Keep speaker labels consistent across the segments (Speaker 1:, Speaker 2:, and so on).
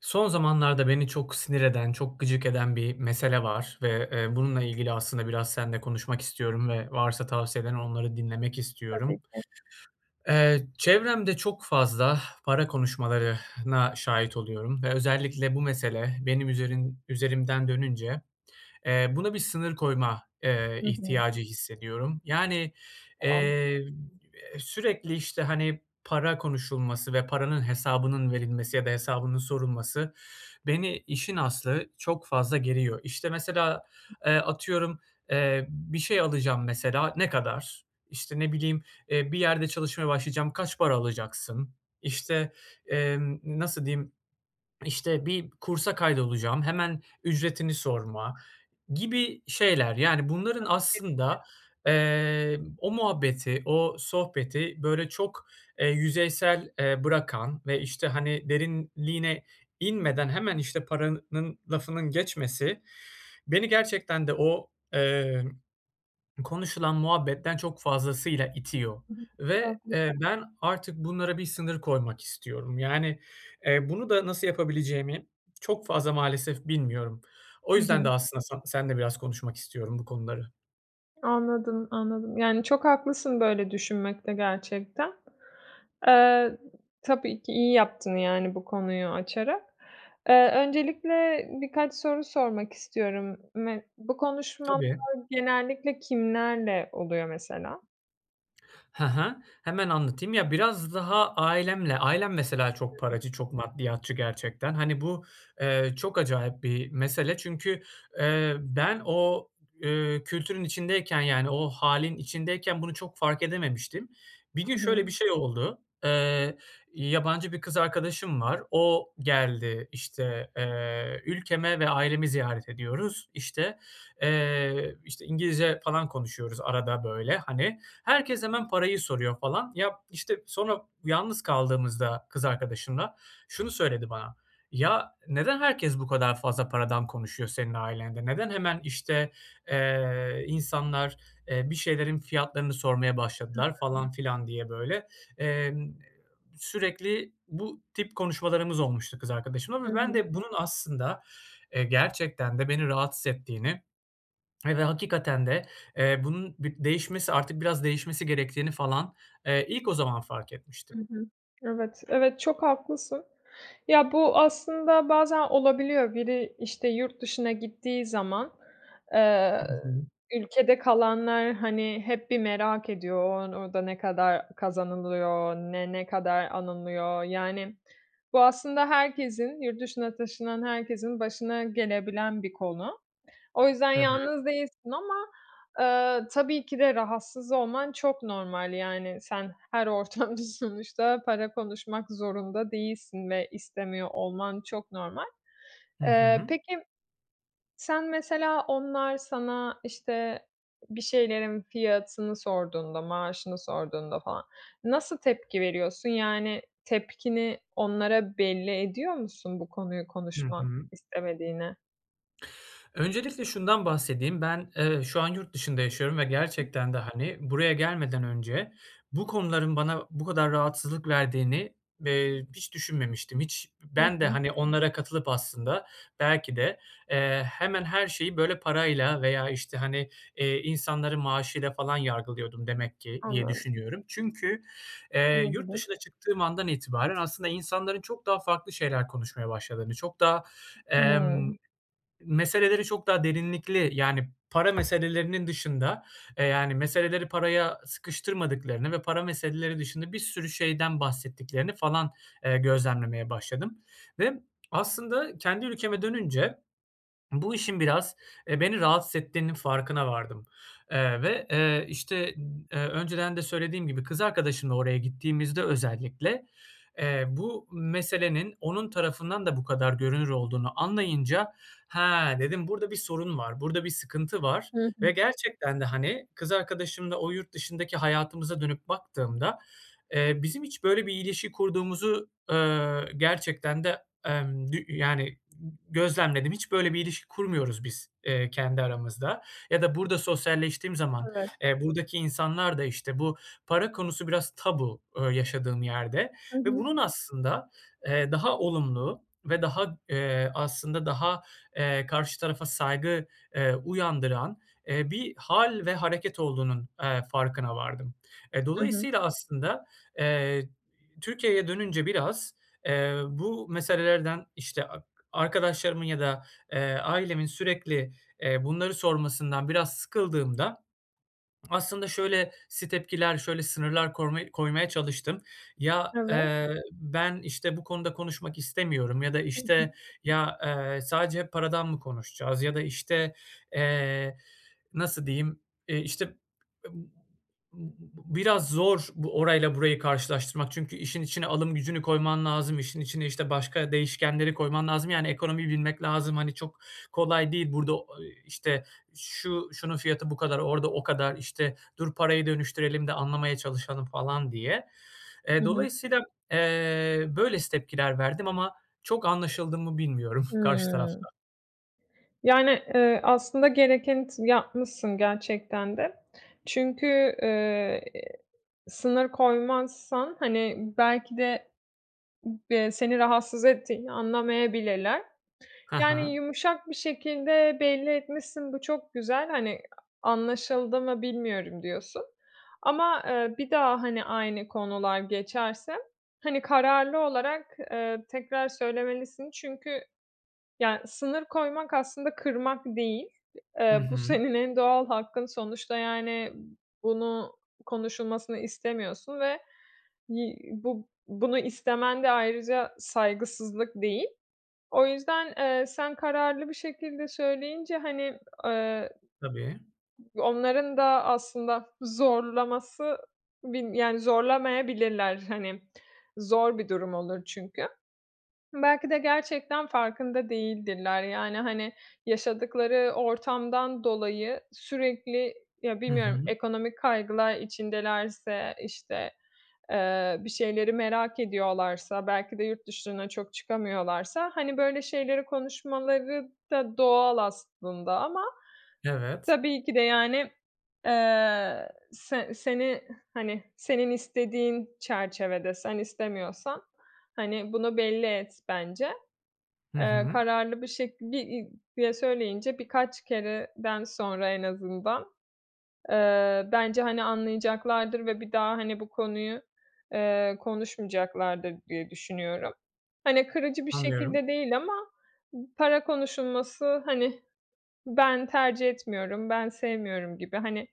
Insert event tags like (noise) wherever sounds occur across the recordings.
Speaker 1: Son zamanlarda beni çok sinir eden, çok gıcık eden bir mesele var ve, eee, bununla ilgili aslında biraz seninle konuşmak istiyorum ve varsa tavsiyelerin onları dinlemek
Speaker 2: Tabii
Speaker 1: istiyorum.
Speaker 2: ki.
Speaker 1: Eee, çevremde çok fazla para (exhales) konuşmalarına şahit oluyorum ve özellikle bu mesele benim üzerin üzerimden dönünce, eee, buna bir sınır koyma, eee,
Speaker 2: Hı hı.
Speaker 1: ihtiyacı hissediyorum. Yani,
Speaker 2: Ah.
Speaker 1: eee, sürekli, işte, hani, para konuşulması ve paranın hesabının verilmesi ya da hesabının sorulması, beni işin aslı çok fazla geriyor. İşte, mesela, eee,
Speaker 2: (unintelligible)
Speaker 1: atıyorum, eee, bir şey alacağım mesela, "Ne kadar?" İşte, ne bileyim, eee, bir yerde çalışmaya başlayacağım, "Kaç para alacaksın?" İşte, emm, nasıl diyeyim, işte bir kursa kaydolacağım, hemen ücretini sorma gibi şeyler yani bunların
Speaker 2: (unintelligible)
Speaker 1: aslında, eee, o muhabbeti, o sohbeti böyle çok, eee, yüzeysel, eee, bırakan ve, işte, hani, derinliğine inmeden hemen işte paranın lafının geçmesi, beni gerçekten de o, eee, konuşulan muhabbetten çok fazlasıyla itiyor
Speaker 2: Hı hı.
Speaker 1: ve,
Speaker 2: Haklıs
Speaker 1: eee, ben artık bunlara bir sınır koymak istiyorum yani, eee, bunu da nasıl yapabileceğimi çok fazla maalesef bilmiyorum. O
Speaker 2: Hı
Speaker 1: yüzden de
Speaker 2: hı.
Speaker 1: aslında san seninle biraz konuşmak istiyorum bu konuları.
Speaker 2: Anladım, anladım, yani, çok haklısın böyle düşünmekte gerçekten. Eee, tabii ki iyi yaptın. Yani, bu konuyu açarak. Eee, öncelikle birkaç soru sormak istiyorum. Me bu konuşmalar
Speaker 1: Tabii.
Speaker 2: genellikle kimlerle oluyor mesela?
Speaker 1: He he. Hemen anlatayım. Ya biraz daha ailemle ailem mesela çok
Speaker 2: (unintelligible)
Speaker 1: paracı, çok maddiyatçı gerçekten. Hani bu, eee, çok acayip bir mesele çünkü, eee, ben o, eee, kültürün içindeyken yani o hâlin içindeyken bunu çok fark edememiştim. Bir gün,
Speaker 2: Hı hı.
Speaker 1: şöyle bir şey oldu. Eee, yabancı bir kız arkadaşım var. O geldi, işte, eee, ülkeme ve ailemi ziyaret ediyoruz. İşte, eee, işte, İngilizce falan konuşuyoruz arada böyle, hani. Herkes hemen parayı soruyor falan. Ya, işte, sonra yalnız kaldığımızda kız arkadaşımla şunu söyledi bana: "Ya, neden herkes bu kadar fazla paradan konuşuyor senin ailende? Neden hemen, işte, eee, insanlar, eee, bir şeylerin fiyatlarını sormaya
Speaker 2: Hı
Speaker 1: başladılar"
Speaker 2: hı.
Speaker 1: falan filan diye böyle. Eee, sürekli bu tip konuşmalarımız olmuştu kız arkadaşımla
Speaker 2: Hı
Speaker 1: ve ben
Speaker 2: hı.
Speaker 1: de bunun aslında, eee, gerçekten de beni rahatsız ettiğini ve hakikaten de, eee, bunun bi değişmesi, artık biraz değişmesi gerektiğini falan, eee, ilk o zaman fark etmiştim.
Speaker 2: Hı hı, evet, evet çok haklısın. Ya, bu aslında bazen olabiliyor. Biri, işte, yurt dışına gittiği zaman, eee,
Speaker 1: Hı hı.
Speaker 2: ülkede kalanlar, hani, hep bir merak ediyor o an, "Orada ne kadar kazanılıyor, ne, ne kadar anılıyor?" yani, bu aslında herkesin, yurt dışına taşınan herkesin, başına gelebilen bir konu. O yüzden
Speaker 1: Evet.
Speaker 2: yalnız değilsin ama, eee, tabii ki de rahatsız olman çok normal, yani, sen her ortamda sonuçta para konuşmak zorunda değilsin ve istemiyor olman çok normal.
Speaker 1: Hı
Speaker 2: Eee,
Speaker 1: hı.
Speaker 2: peki, sen mesela onlar sana, işte, bir şeylerin fiyatını sorduğunda, maaşını sorduğunda falan nasıl tepki veriyorsun? Yani tepkini onlara belli ediyor musun bu konuyu
Speaker 1: Hı
Speaker 2: konuşmak
Speaker 1: hı.
Speaker 2: istemediğini?
Speaker 1: Öncelikle şundan bahsedeyim. Ben, eee, şu an yurt dışında yaşıyorum ve gerçekten de, hani, buraya gelmeden önce bu konuların bana bu kadar rahatsızlık verdiğini, eee, hiç düşünmemiştim. Hiç
Speaker 2: Hı
Speaker 1: ben de,
Speaker 2: hı.
Speaker 1: hani, onlara katılıp aslında belki de, eee, hemen her şeyi, böyle, parayla veya, işte, hani, eee, insanları maaşıyla falan yargılıyordum demek ki diye
Speaker 2: Anladım.
Speaker 1: düşünüyorum. Çünkü, eee, yurt
Speaker 2: Olabilir.
Speaker 1: dışına çıktığım andan itibaren aslında insanların çok daha farklı şeyler konuşmaya başladığını, çok daha, emm,
Speaker 2: (unintelligible)
Speaker 1: meseleleri çok daha derinlikli Yani para meselelerinin dışında eee, yani meseleleri paraya sıkıştırmadıklarını ve para meseleleri dışında bir sürü şeyden bahsettiklerini falan, eee, gözlemlemeye başladım ve aslında kendi ülkeme dönünce bu işin biraz, eee, beni rahatsız ettiğinin farkına vardım, eee, ve, eee, işte, eee, önceden de söylediğim gibi kız arkadaşımla oraya gittiğimizde özellikle, eee, bu meselenin onun tarafından da bu kadar görünür olduğunu anlayınca, "Ha," dedim, "burada bir sorun var, burada bir sıkıntı var."
Speaker 2: Hı hı.
Speaker 1: Ve gerçekten de, hani, kız arkadaşımla o yurt dışındaki hayatımıza dönüp baktığımda, eee, bizim hiç böyle bir ilişki kurduğumuzu, eee, gerçekten de, emm, g y yani, g gözlemledim. Hiç böyle bir ilişki kurmuyoruz biz, eee, kendi aramızda ya da burada sosyalleştiğim zaman,
Speaker 2: Evet.
Speaker 1: eee, buradaki insanlar da işte bu para konusu biraz tabu, eee, yaşadığım yerde
Speaker 2: Hı
Speaker 1: ve
Speaker 2: hı.
Speaker 1: bunun aslında, eee, daha olumlu ve daha, eee, aslında daha, eee, karşı tarafa saygı, eee, uyandıran, eee, bir hâl ve hareket olduğunun, eee, farkına vardım. E,
Speaker 2: Hı hı.
Speaker 1: dolayısıyla aslında, eee, Türkiye'ye dönünce biraz, eee, bu meselelerden, işte, ak arkadaşlarımın ya da, eee, ailemin sürekli, eee, bunları sormasından biraz sıkıldığımda aslında şöylesi tepkiler şöyle sınırlar koyma koymaya çalıştım. "Ya,
Speaker 2: Evet.
Speaker 1: eee, ben, işte, bu konuda konuşmak istemiyorum." ya da,
Speaker 2: Hı hı.
Speaker 1: işte, "Ya, eee, sadece paradan mı konuşacağız?" ya da, işte, eee, nasıl diyeyim, eee, işte ıb b b biraz zor bu orayla burayı karşılaştırmak çünkü işin içine alım gücünü koyman lazım, işin içine, işte, başka değişkenleri koyman lazım. Yani ekonomiyi bilmek lazım, hani, çok kolay değil. Burada o i işte, "Şu şunun fiyatı bu kadar, orada o kadar, işte, dur parayı dönüştürelim de anlamaya çalışalım." falan diye.
Speaker 2: Hı
Speaker 1: Eee,
Speaker 2: hı.
Speaker 1: dolayısıyla, eee, böylesi tepkiler verdim ama çok anlaşıldı mı bilmiyorum (chuckles) karşı
Speaker 2: Hımm.
Speaker 1: tarafta.
Speaker 2: Yani, eee, aslında gerekeni t yapmışsın gerçekten de. Çünkü, eee, sınır koymazsan, hani, belki de b eee, seni rahatsız ettiğini anlamayabilirler. T
Speaker 1: Ha
Speaker 2: yani
Speaker 1: ha.
Speaker 2: yumuşak bir şekilde belli etmişsin, bu çok güzel, hani, "Anlaşıldı mı bilmiyorum." diyorsun. Ama, eee, bir daha, hani, aynı konular geçerse, hani, kararlı olarak, eee, tekrar söylemelisin. Çünkü, ya, sınır koymak aslında kırmak değil.
Speaker 1: Hı
Speaker 2: Eee, bu
Speaker 1: hı.
Speaker 2: senin en doğal hakkın. Sonuçta, yani, bunu konuşulmasını istemiyorsun ve yi bu bunu istemen de ayrıca saygısızlık değil. O yüzden, eee, sen kararlı bir şekilde söyleyince, hani, eee,
Speaker 1: Tabii.
Speaker 2: onların da aslında zorlaması bir yani, zorlamayabilirler. Hani, zor bir durum olur çünkü. Belki de gerçekten farkında değildirler, yani, hani, yaşadıkları ortamdan dolayı sürekli, ya,
Speaker 1: Hı
Speaker 2: bilmiyorum,
Speaker 1: hı.
Speaker 2: ekonomik kaygılar içindelerse, işte, eee, bir şeyleri merak ediyorlarsa, belki de yurt dışına çok çıkamıyorlarsa, hani, böyle şeyleri konuşmaları da doğal aslında ama
Speaker 1: Evet.
Speaker 2: tabii ki de, yani, eee, se seni, hani, senin istediğin çerçevede sen istemiyorsan, hani, bunu belli et bence.
Speaker 1: Hı
Speaker 2: Eee,
Speaker 1: hı.
Speaker 2: kararlı bir şekil, bir i diye söyleyince birkaç kereden sonra en azından, eee, bence, hani, anlayacaklardır ve bir daha, hani, bu konuyu, eee, konuşmayacaklardır diye düşünüyorum. Hani, kırıcı bir
Speaker 1: Anlıyorum.
Speaker 2: şekilde değil ama, "P para konuşulması, hani, ben tercih etmiyorum, ben sevmiyorum." gibi, hani,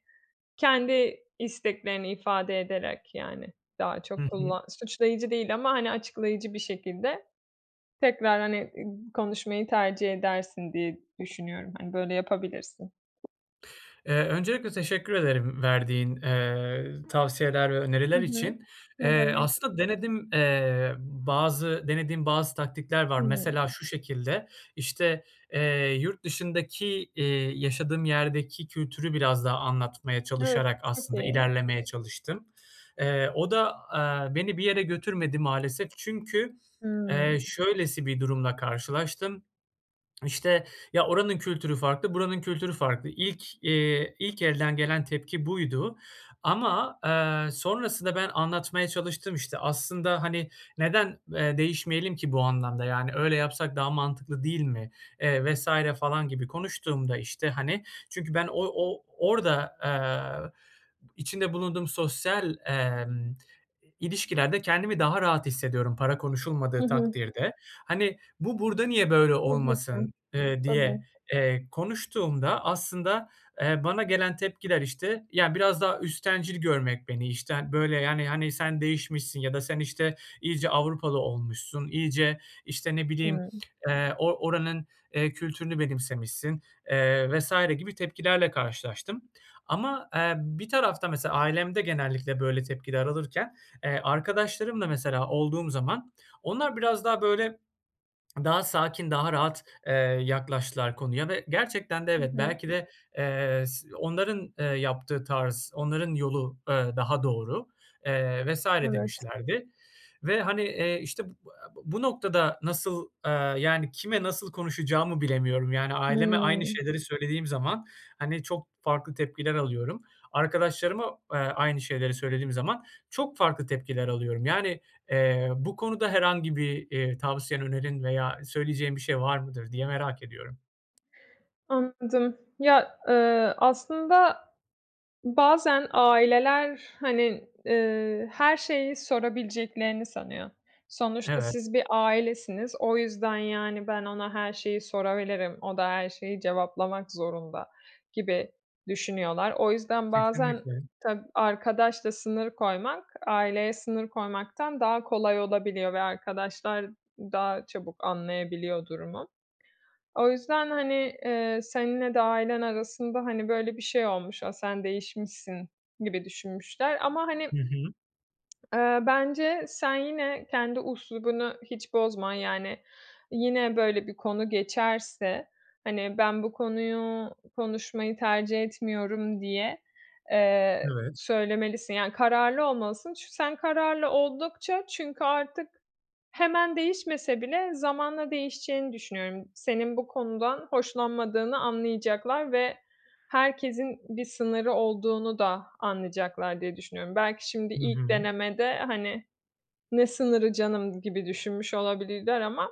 Speaker 2: kendi isteklerini ifade ederek, yani, daha
Speaker 1: Hı
Speaker 2: çok
Speaker 1: hı.
Speaker 2: kullan Suçlayıcı değil ama, hani, açıklayıcı bir şekilde tekrar, hani, ıg konuşmayı tercih edersin diye düşünüyorum. Hani, böyle yapabilirsin.
Speaker 1: Eee, öncelikle teşekkür ederim verdiğin, eee, tavsiyeler ve
Speaker 2: Hı
Speaker 1: öneriler
Speaker 2: hı,
Speaker 1: için.
Speaker 2: ne
Speaker 1: Eee,
Speaker 2: demek.
Speaker 1: aslında denedim eee, bazı denediğim bazı taktikler var.
Speaker 2: Hımm.
Speaker 1: Mesela şu şekilde: İşte, eee, yurt dışındaki, eee, yaşadığım yerdeki kültürü biraz daha anlatmaya
Speaker 2: Evet,
Speaker 1: çalışarak
Speaker 2: çok
Speaker 1: aslında
Speaker 2: iyi.
Speaker 1: ilerlemeye çalıştım. Eee, o da, eee, beni bir yere götürmedi maalesef. Çünkü, eee,
Speaker 2: Hımm.
Speaker 1: şöylesi bir durumla karşılaştım, işte: "Ya, oranın kültürü farklı, buranın kültürü farklı." İlk, eee, ilk elden gelen tepki buydu ama, eee, sonrasında ben anlatmaya çalıştım işte. "Aslında, hani, neden, eee, değişmeyelim ki bu anlamda yani, öyle yapsak daha mantıklı değil mi?" eee, vs. falan gibi konuştuğumda işte, hani, çünkü ben o o orada, eee, içinde bulunduğum sosyal, emm, ilişkilerde kendimi daha rahat hissediyorum para
Speaker 2: Hı
Speaker 1: konuşulmadığı
Speaker 2: hı.
Speaker 1: takdirde. Hani, "Bu burda niye böyle
Speaker 2: Tabii ki.
Speaker 1: olmasın?" eee, diye,
Speaker 2: Tabii.
Speaker 1: eee, konuştuğumda aslında, eee, bana gelen tepkiler, işte, ya, biraz daha üsttencil görmek beni, işte, ha böyle, yani, hani "Sen değişmişsin." ya da, "Sen işte, iyice Avrupalı olmuşsun iyice." işte, ne bileyim,
Speaker 2: Hımm.
Speaker 1: eee, "O oranın, eee, kültürünü benimsemişsin." eee, vs. gibi tepkilerle karşılaştım. Ama, eee, bir tarafta mesela ailemde genellikle böyle tepkiler alırken, eee, arkadaşlarımla mesela olduğum zaman, onlar biraz daha böyle, daha sakin, daha rahat, eee, yaklaştılar konuya ve gerçekten de
Speaker 2: Hı
Speaker 1: evet,
Speaker 2: hı.
Speaker 1: belki de, eee, s onların, eee, yaptığı tarz, onların yolu, eee, daha doğru, eee, vs.
Speaker 2: Evet.
Speaker 1: demişlerdi ve hani, eee, işte, bu, (unintelligible) bu noktada nasıl, eee, yani, kime nasıl konuşacağımı bilemiyorum yani. Aileme aynı
Speaker 2: Hımm.
Speaker 1: şeyleri söylediğim zaman, hani, çok farklı tepkiler alıyorum. Arkadaşlarıma, aaa, aynı şeyleri söylediğim zaman çok farklı tepkiler alıyorum. Yani, eee, bu konuda herhangi bir, eee, tavsiyen önerin veya söyleyeceğin bir şey var mıdır diye merak ediyorum.
Speaker 2: Anladım. Ya, eee, aslında bazen aileler, hani, eee, her şeyi sorabileceklerini sanıyor. Sonuçta
Speaker 1: Evet.
Speaker 2: siz bir ailesiniz, o yüzden yani "Ben ona her şeyi sorabilirim, o da her şeyi cevaplamak zorunda." gibi düşünüyorlar. O yüzden bazen
Speaker 1: Kesinlikle.
Speaker 2: ta arkadaşla sınır koymak, aileye sınır koymaktan daha kolay olabiliyor ve arkadaşlar daha çabuk anlayabiliyor durumu. O yüzden, hani, eee, seninle de ailen arasında, hani, böyle bir şey olmuş. "A! Sen değişmişsin." gibi düşünmüşler ama hani
Speaker 1: Hı hı.
Speaker 2: Eee, bence sen yine kendi üslubunu hiç bozma. Yani, yine böyle bir konu geçerse, hani "Ben bu konuyu konuşmayı tercih etmiyorum." diye, eee,
Speaker 1: Evet.
Speaker 2: söylemelisin, yani kararlı olmalısın. Çü sen kararlı oldukça, çünkü artık hemen değişmese bile zamanla değişeceğini düşünüyorum. Senin bu konudan hoşlanmadığını anlayacaklar ve herkesin bir sınırı olduğunu da anlayacaklar diye düşünüyorum. Belki şimdi
Speaker 1: Hı
Speaker 2: ilk
Speaker 1: hı.
Speaker 2: denemede, hani "Ne sınırı canım!" gibi düşünmüş olabilirler ama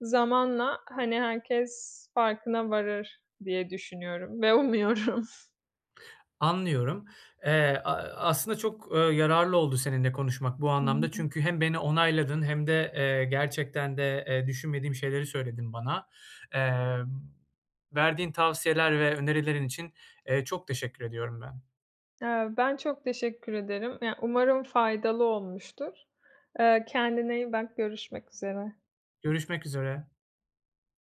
Speaker 2: zamanla, hani, herkes farkına varır diye düşünüyorum ve umuyorum.
Speaker 1: Anlıyorum. Eee, aaa, aslında çok, eee, yararlı oldu seninle konuşmak bu anlamda,
Speaker 2: (unintelligible)
Speaker 1: çünkü hem beni onayladın hem de, eee, gerçekten de, eee, düşünmediğim şeyleri söyledin bana. Eee, verdiğin tavsiyeler ve önerilerin için, eee, çok teşekkür ediyorum ben.
Speaker 2: Eee, ben çok teşekkür ederim, Ya, umarım faydalı olmuştur. Eee, kendine iyi bak, görüşmek üzere.
Speaker 1: Görüşmek üzere.